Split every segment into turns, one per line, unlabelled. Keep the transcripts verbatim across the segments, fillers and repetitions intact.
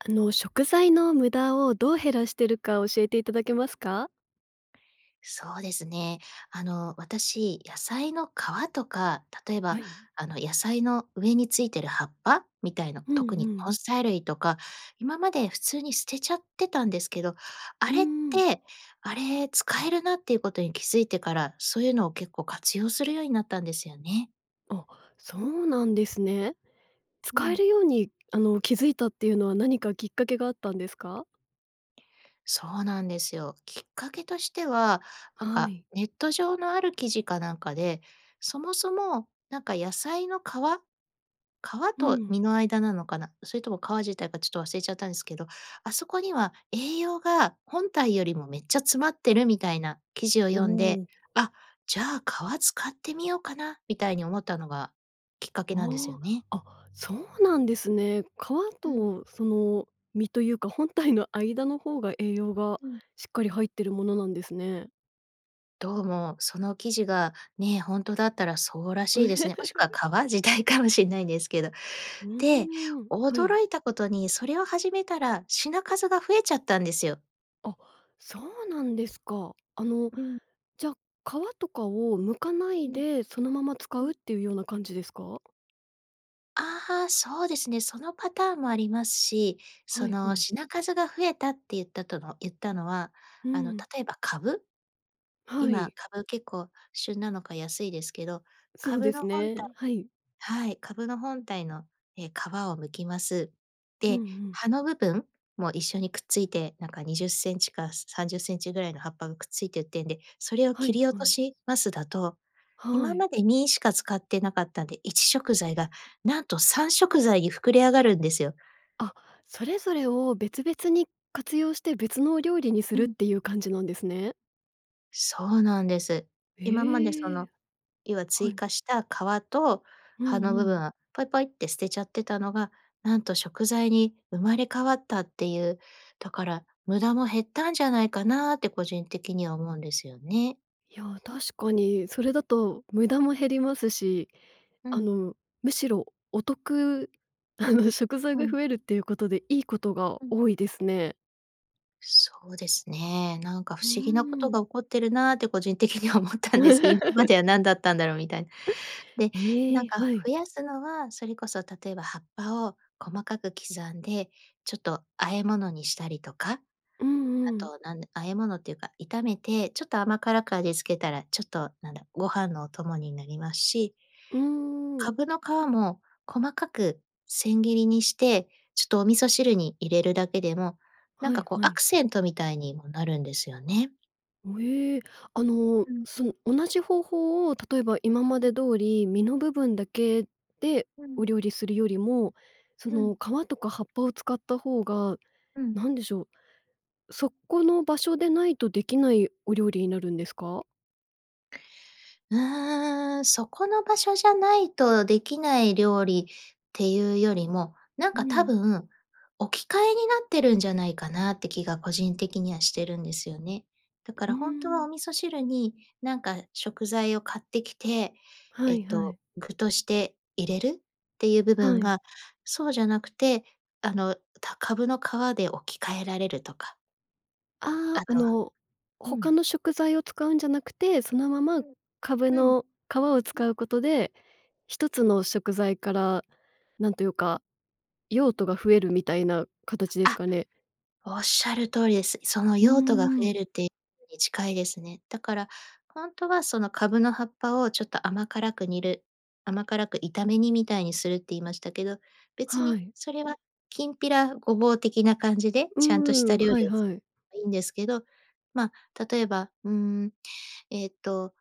あの、食材の無駄をどう減らしてるか教えていただけますか？
そうですね。あの、私、野菜の皮とか、例え
は
ば、
い。
あの、野菜の上についてる葉っぱ？みたいな、
うん
特に
う
根
ん。
菜類とか、今まで普通に捨てちゃってたんですけど、あ
うー
れっ
ん。
て、あれ、使えるなっていうことに気づいてから、そういうのを結構活用するようになったんですよね。
あ、そうなんですね。
う
使え
ん。
るように、あの、気づいたっていうのは何かきっかけがあったんですか？
そうなんですよ。きっかけとしては、なん
は
か
い。
ネット上のある記事かなんかで、そもそも、なんか野菜の皮皮
う
と
ん。
実の間なのかな？それとも皮自体がちょっと忘れちゃったんですけど、あそこには栄養が本体よりもめっちゃ詰まってるみたいな記事を
お
読んで
お。
「あ、じゃあ皮使ってみようかな」みたいに思ったのがきっかけなんですよ
あ
ね。
あ、あ、そうなんですね。皮
うん。
とその実というか本体の間の方が栄養が
うん。
しっかり入ってるものなんですね。
どうも、その記事が、ね、ほんとだったらそうらしいですね。もしくは 皮？時代かもしんないんですけど。
う
で、
ーん、はい。
驚いたことに、それを始めたら品数が増えちゃったんですよ。
あ、そうなんですか。あの、
うん。
じゃ、皮とかを剥かな
う
い
ん。
で、そのまま使
う
う
ん。
っていうような感じですか？
ああ、そうですね。そのパターンもありますし、
は
そ
いは
の
い。
品数が増えたって言ったとの言ったのは、
う
あの、
ん。
例えば蕪？
は
今、
い。
蕪、結構旬なのか安いですけど、
そう
蕪
で
の
す
本体
ね、はい。
はい、蕪の本体の、え、皮を剥きます。
うんう
で、
ん。
葉の部分？も、一緒にくっついて、なんかにじゅっセンチかさんじゅっセンチぐらいの葉っぱがくっついて売ってんで、それを
は
切
い
り落
は
と
い。
しますだと、
は
今
い。
まで身しか使ってなかったんで、いち食材がなんとさん食材に膨れ上がるんですよ。
あ、それぞれを別々に活用して、別のお料理にす
う
るっ
ん。
ていう感じなんですね？
そうなんです。今まで、そ
え、
の、要は
は
追
い。
加した皮と
う
葉の
んう
部分
ん。
は、ポイポイッて捨てちゃってたのが、なんと食材に生まれ変わったっていう。だから無駄も減ったんじゃないかなって個人的には思うんですよね。
や、確かに。それだと無駄も減りますし、
う
あ
ん。
の、むしろお得、あの食材
う
が
ん。
増えるっていうことで、いいことが
うん。
多いですね。
そうですね。なんか不
うー
思議なこと
ん。
が起こってるなって個人的には思ったんです。今までは 何だったんだろうみたいな。で、な
え
ん
え、
か
はい。
増やすのは、それこそ例えば葉っぱを細かく刻んで、ちょっと和え物にしたりとか。
う
あ
んうん。
となん和え物っていうか、炒めて、ちょっと甘辛く味付けたら、ちょっと、なんだ、ご飯のお供になりますし。
うーん。
蕪の皮も、細かく千切りにして、ちょっとお味噌汁に入れるだけでも、なん
はい
かこう
は
ア
い。
クセントみたいにもなるんですよね。
おえ。あの、
うん。
その、同じ方法を、例えば今ま
うん。
で通り実の部分だけで
う
お
ん。
料理するよりも、そ
う
の、
ん。
皮とか葉っぱを使った方が、
うん。
何でしょう、そこの場所でないと出来ないお料理になるんですか？
うーん、そこの場所じゃないと出来ない料理っていうよりも、なん
う
か多
ん。
分、置き換えになってるんじゃないかなって気が個人的にはしてるんですよね。だか
うー
らほんとは
ん。
お味噌汁に、なんか食材を買ってきて、
は
えっ
いは
と、
い。
具として入れるっていう部
は
分
い。
が、そうじゃなくて、あの、た蕪の皮で置き換えられるとか。
ああ、
あ
あ
とは
の、
う
他
ん。
の食材を使うんじゃなくて、そのまま、
うん。
カブ
うん。
の皮を
うん。
使うことで、ひとつの食材から、なんというか、用途が増えるみたいな形です
あ。
かね。
おっしゃる通りです。その
うー
用途が増え
ん。
るってのに近いですね。だから、ほんとはそのカブの葉っぱをちょっと甘辛く煮る甘辛く炒め煮みたいにするって言いましたけど、別
は
に
い。
それはきんぴらごぼう的な感じで、
うー
ちゃんとした
ん、
料
はい
理をつ
はい。
えいんですけど、ま、例えば、ん、えっと、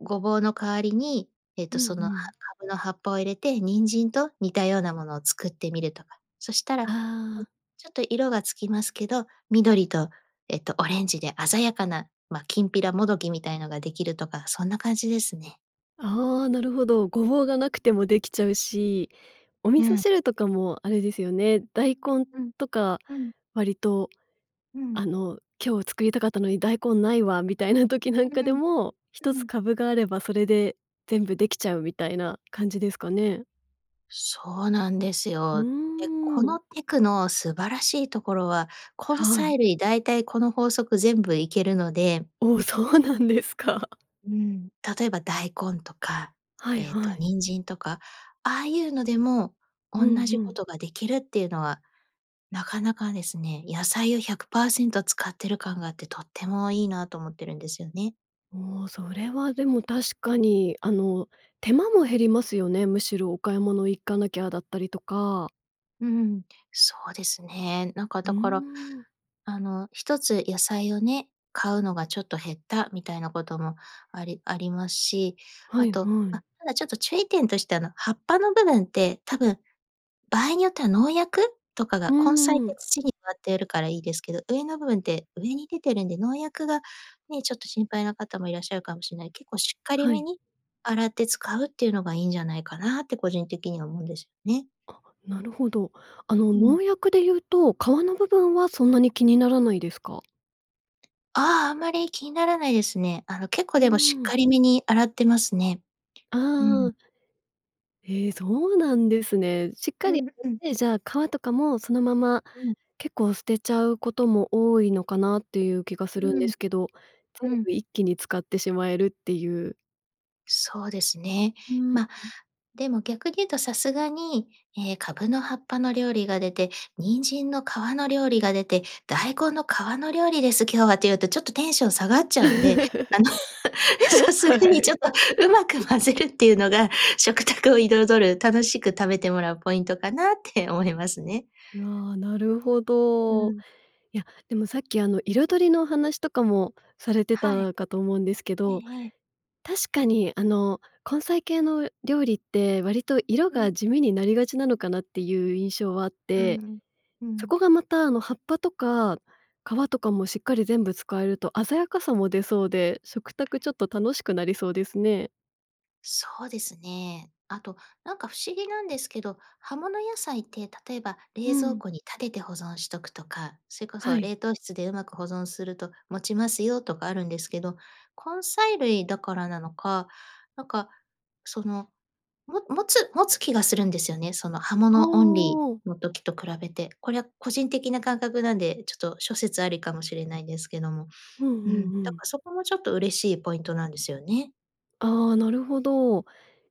ごぼうの代わりに、えっ
う
と、
んう
その葉
ん。
カブの葉っぱを入れて、人参と似たようなものを作ってみるとか、そしたら、うん、
ああ。
ちょっと色が付きますけど、緑と、えっと、オレンジで鮮やかな、ま、きんぴらもどきみたいのができるとか、そんな感じですね。
あ、おお、なるほど。ごぼうがなくてもできちゃうし、お味
う
噌
ん。
汁とかもあれですよね、大根
うん。
とか
うん。
割と、
うん。
あの「今日作りたかったのに大根ないわ」みたいな時な
う
んか
ー
で
ん。
も、ひと
う
つ
ん。
カブがあればそれで全部できちゃうみたいな感じですかね。
そうなんです
う
よ。で、こ
ーん。
のテクの素晴らしいところは、根
はい。
菜類だいたいこの法則全部いけるので
お、そうなんですか。
うーん、例えば大根とか、
はい
えっと
はい。
人参とか、ああいうのでも
う
おん
ん
なじ
う
こ
ん。
とができるっていうのは、なかなかですね、野菜をひゃくパーセント使ってる感があってとってもいいなと思ってるんですよね。
もうそれはでも確かに、あの、手間も減りますよね。むしろお買い物行かなきゃだったりとか
うん。そうですね。なんか
うー
だから、
ん。
あの、ひとつ野菜をね、買うのがちょっと減ったみたいなことも、ありありますし、
は
あ
い
と
は
あ、
い。
ただちょっと注意点としてはあの、葉っぱの部分って、多分、場合によっては農薬？とか
う
が、根菜っ
ー
て
ん。
土に植わってるからいいですけど、上の部分って上に出てるんで農薬が、ね、ちょっと心配な方もいらっしゃるかもしれない。結構しっかり
は
め
い。
に、洗って使うっていうのがいいんじゃないかなって個人的には思うんですよね。
あ、なるほど。あの、
うん。
農薬で言うと、皮の部分はそんなに気にならないですか？
ああ、あんまり気にならないですね。あの、結
う
構でもしっ
ーん。
かりめに洗ってますね。
あ
うん。
あ。へえ、そうなんですね。しっか
う
り
んうん。
洗って、じゃあ皮とかもそのまま、
うん。
結構捨てちゃうことも多いのかなっていう気がするん
う
で
ん。
すけど、全
うん。
部一気に使ってしまえるっていう
そうですね。
う、ん。
ま、でも逆に言うとさすがに、ええ、カブの葉っぱの料理が出て、人参の皮の料理が出て「大根の皮の料理です、今日は」って言うとちょっとテンション下がっちゃうんで、あの、さす
は
がにちょっ
い。
とうまく混ぜるっていうのが食卓を彩る、楽しく食べてもらうポイントかなって思いますね。
うわ、なるほ
う
ど。
ん。
いや、でもさっきあの、色彩りのお話とかもされて
はい。
たかと思うんですけ
え
ど、
えええ。
確かにあの、根菜系の料理って割と色
う
が
ん。
地味になりがちなのかなっていう印象はあっ
うん
て。
うん。う
そ
ん。
こがまたあの、葉っぱとか皮とかもしっかり全部使えると鮮やかさも出そうで、食卓ちょっと楽しくなりそうですね。
そうですね。あと、なんか不思議なんですけど、葉物野菜って例えば
う
冷蔵
ん。
庫に立てて保存しとくとか、それこ
は
そ
い。
冷凍室でうまく保存すると持ちますよとかあるんですけど、根菜類だからなのか、なんか、その、も持つ持つ気がするんですよね、その葉
あ
物オンリ
あ。
ーの時と比べて。これは個人的な感覚なんで、ちょっと諸説ありかもしれないんですけども。
うん
う
う
ん、
んう
だ
ん。
からそこもちょっと嬉しいポイントなんですよね。
ああ、なるほど。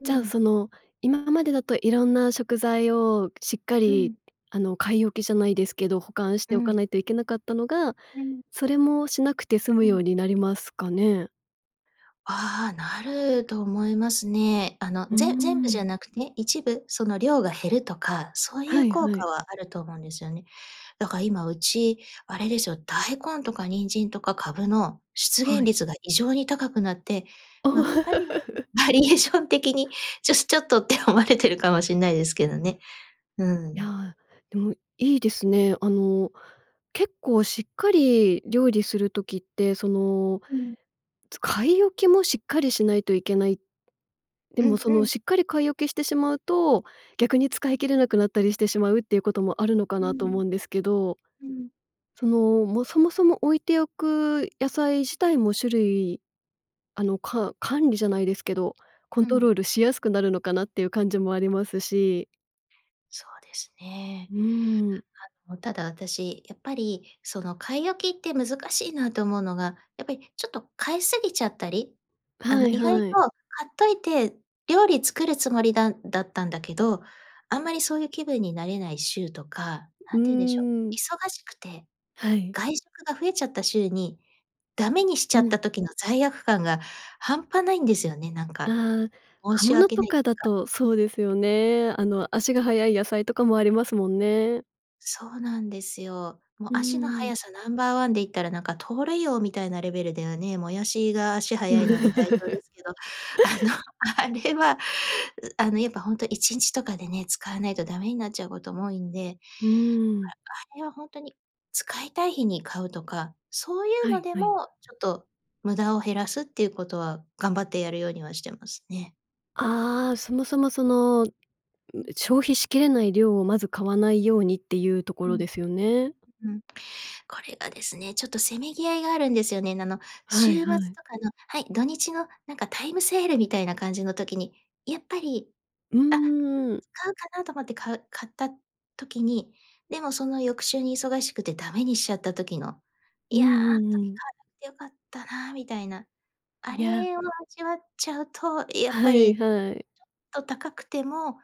う
じゃあ
ん。
その、今までだといろんな食材をしっか
う
り、
ん。
あの、買い置きじゃないですけど、保管し
う
ておか
ん。
ないといけなかったのが、
うん。
それもしなくて済む
う
よ
ん。
うになりますかね？
ああ、なると思いますね。あの、
うー
ぜ全部じ
ん。
ゃなくね、一部その量が減るとか、そうい
は
う
い
効
は
果
い。
はあると思うんですよね。だから今うち、あれですよ、大根とか人参とかカブの出
は
現
い。
率が異常に高くなって、
お。
ま、ある意味 バリエーション的にちょしちょっとって思われてるかもしんないですけどね。う
い
ん。
や、でも、いいですね。あの、結構しっかり料理する時って、その、
うん。
つ買い置きもしっかりしないといけない。で
う
も、
ん
そ
う
の
ん。
しっかり買い置きしてしまうと、逆に使い切れなくなったりしてしまうっていうこともあるのか
うー
なと思
ん。
うんですけど、
うん。
その、も、そもそも置いておく野菜自体も種類あの、か管理じゃないですけど、コ
う
ント
ん。
ロールしやすくなるのかなっていう感じもありますし。
そうですね。
うーん。
あの、ただ私、やっぱり、その、買い置きって難しいなと思うのが、やっぱり、ちょっと買い過ぎちゃったり、あ
は
の、
い
意外と
はい。
買っといて、料理作るつもりだんだったんだけど、あんまりそういう気分になれない週とか、
う
何て言うんでしょう、
ーん。
忙しくて、
はい。
外食が増えちゃった週に、ダメにしち
う
ゃっ
ん。
た時の罪悪感が半端ないんですよね、なんか、
あ、
申
葉
し
物
訳
と
ない、
かだ
か。
とそうですよね。あの足が早い野菜とかもありますもんね。
そうなんですよ。
う
も、
ー
足のは
ん。
やさナンバーワンで言ったら、なんか、盗塁王みたいなレベルではね、もやしが足がはやいので代表で すけど、あの、あれは、うあの、やっぱほんといちんちとかでね、使わないとダメになっちゃうことも多いんで、
うーん。
ああれはほんとに、使いたい日に買うとか、そういう
は
の
い
で
はい。
も、ちょっと無駄を減らすっていうことは頑張ってやるようにはしてますね。
ああ、そもそも、その、うん、そ
う
の
ん。
消費しきれない量をまず買わないようにっていうとこ
う
ろ
ん。
ですよね。
うん。これがですね、ちょっとせめぎ合いがあるんですよね。なの、
はい
週末と
はい。
かの、はい、土日のなんかタイムセールみたいな感じの時に、やっぱり、
う
あ、
ーん。
買うかなと思って、買う買った時に、でもその翌週に忙しくてダメにしちゃった時の、
う
い
ん
や、
う
あの
ん
時
うん。
買わなくて良かったなみたいな。あ
いや。
れを味わっちゃうと、やっ
は
ぱ
い
り、
はい。
ちょっと高くても、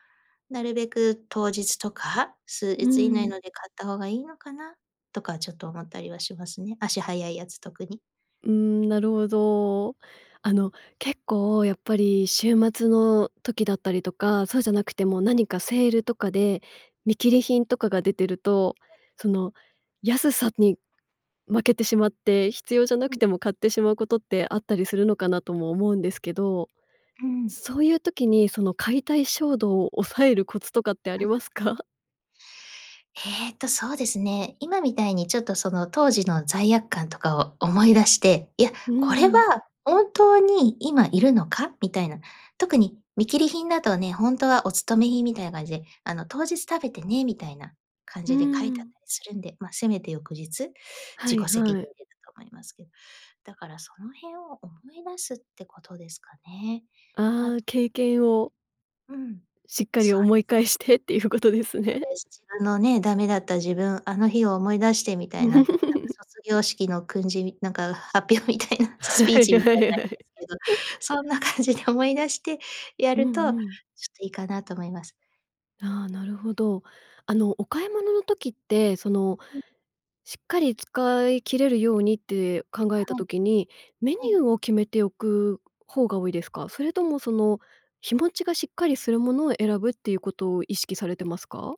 なるべく当日とか、数
うー
日以内
ん。
ので買った方がいいのかな？とかちょっと思ったりはしますね。足はやいやつ。特に。
うーん、なるほど。あの、結構、やっぱり週末の時だったりとか、そうじゃなくても何かセールとかで見切り品とかが出てると、そ
うん。
の、安さに負けてしまって、必要じゃな
う
く
ん。
ても買ってしまうことってあったりするのかなとも思うんですけど、
うーん。
そういう時に、その買いたい衝動を抑えるコツとかってありま すか？
えっと、そうですね、今みたいに、ちょっとその当時の罪悪感とかを思い出して、いや、
うー
これ
ん。
は本当に今いるのか？みたいな。特に見切り品だとね、ほんとはお勤め品みたいな感じで、あの「当日食べてね」みたいな感
う
じで書いてあっ
ん。
たりするんで、ま、せめて翌日、
は
自
い
己責任
はい。
でだと思いますけど。だからその辺を思い出すってことですかね。あ
ああ、
と
経験を
うん、
しっかり
そう
思
で
い
す。
返してっていうことですね。
そうです。自分のね、ダメだった自分、あの日を思い出してみたいな、なんか 卒業式の訓示、なんか、発表みたいな
は
スピー
い
チみ
は
たい
い
なあ
は
れ
い。
ですけど、そんな感じで思い出してや
うん
るとちょっ
うん。
といいかなと思います。
ああ、なるほど。あの、お買い物の時って、その、
うん。
しっかり使い切れるようにって考えた
はい。
時に、メニ
ええ。
ューを決めておく方が多いですか？それともその、日持ちがしっかりするものを選ぶっていうことを意識されてますか？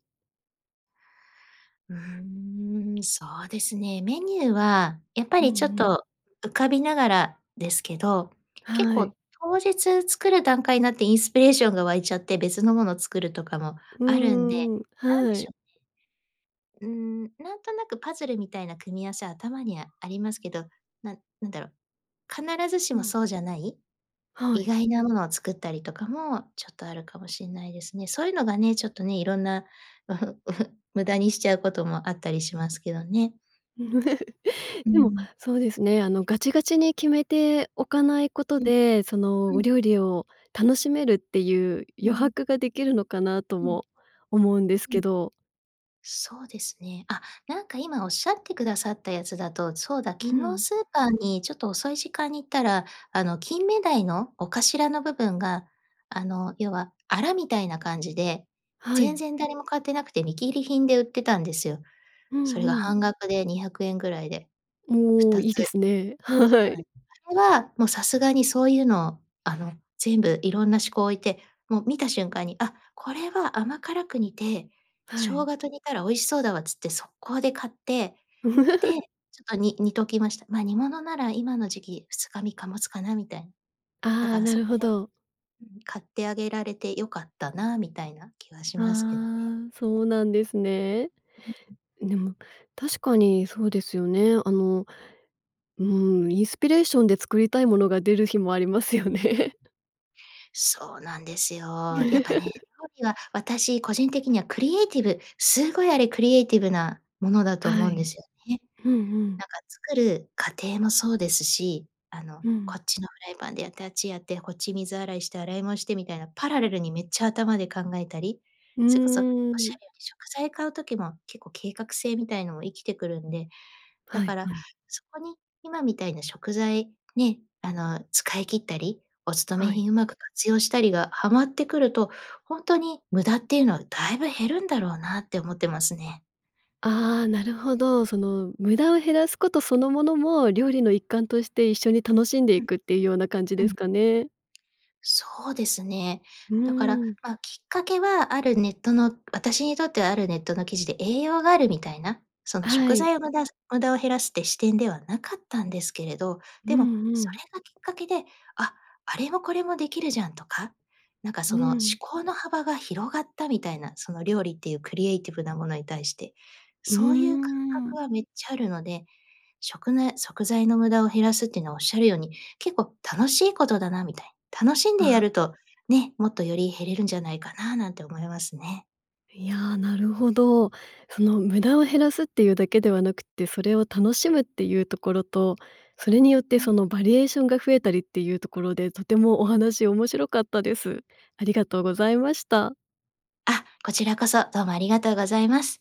うーん、そうですね。メニューは、やっぱ
うん
りちょっ
うん。
と、浮かびながらですけど、結
はい。
構当日作る段階になって、インスピレーションが湧いちゃって、別のものを作るとかも
う
あるんで、
ーん、
なんで
は
し
い。
ょうね。うーん、なんとなくパズルみたいな組み合わせ、頭にあありますけど、なんなんだろう、必ずし
う
も
ん。
そうじゃない。
は
意
い。
外なものを作ったりとかも、ちょっとあるかもしんないですね。そういうのがね、ちょっとね、いろんな、無駄にしちゃうこともあったりしますけどね。う
でも、
ん。
そうですね、あのガチガチに決めておかないこと
うん。
で、その
う
お
ん。
料理を楽しめるっていう
う
余
ん。
白ができるのかな、と
うん。
も思うんです
う
け
ん。
ど。
そうですね。あ、なんか今仰ってくださったやつだと、そうだ、
う
昨日
ん。
スーパーに、ちょっと遅い時間に行ったら、あの、金目鯛のお頭の部分が、あの、要は、アラみたいな感じで、
は
全
い。
然誰も買ってなくて、見切り品で売ってたんですよ。
う
そ
ん
れが
うん。
半額でにひゃくえんぐらいで、ふ
おお、
たつ。
いいですね。
そ
は
うなん
い。
あれは、もうさすがにそういうのを、あの、全部いろんな思考を置いて、もう見た瞬間に、あ、これは甘辛く煮て、
は
生
い。
姜と煮たら美味しそうだわっつって、速攻で買って。で、ちょっと、に煮ときました。ま、煮物なら今の時期ふつかみっかもつかなみたい。だ
あ
か
あ、
ら
な
そ
る
こ
ほ
で
ど。
うん、買ってあげられて良かったな、みたいな気はしますけどね。
ああ、そうなんですね。
ううん。
でも、確かにそうですよね。あの、うん、インスピレーションで作りたいものが出る日もありますよね。
そうなんですよ。やっぱね、料理は私個人的にはクリエイティブ、すごいあれクリエイティブなものだと
は
思うんで
い。
すよね。
うんうん。
なんか作る過程もそうですし、あの
うん。
こっちのフライパンでやってあっちやって、こっち水洗いして、洗い物してみたいな、パラレルにめっちゃ頭で考えたり、
う
それこそおっ
ー
しゃ
ん。
るように食材買う時も結構計画性みたいのも活きてくるんで。だ
は
か
い、
ら、
はい。
そこに今みたいな食材、ね、あの使い切ったり、おつとめ
はい。
品うまく活用したりがはまってくると、ほんとに無駄っていうのは、だいぶ減るんだろうなって思ってますね。
ああ、なるほど。その無駄を減らすことそのものも、料理の一環として一緒に楽しんで
う
い
ん、
くっていうような感じ
う
です
ん。
かね。
そうですね。
う
だから、
ーん。
ま、きっかけはあるネットの、あたしにとってはあるネットの記事で、栄養があるみたいな、その
は
食
い。
材を無駄無駄を減らすって視点ではなかったんですけれど、
う
でも、
んう
それ
ん。
がきっかけで「あ、あれもこれもできるじゃん」とか、なんかそ
う
の思
ん。
考の幅が広がったみたいな、その料理っていうクリエイティブなものに対して、
うー
そういう感覚
ん。
はめっちゃあるので、食の食材の無駄を減らすってのおっしゃるように、結構楽しいことだなみたいな。楽しんでや
あ
ると、ね、もっとより減れるんじゃないかななんて思いますね。
いやあ、なるほど。その無駄を減らすっていうだけではなくって、それを楽しむっていうところと、それによって
う
そ
ん。
のバリエーションが増えたりっていうところでとてもお話面白かったです。ありがとうございました。
あ、こちらこそどうもありがとうございます。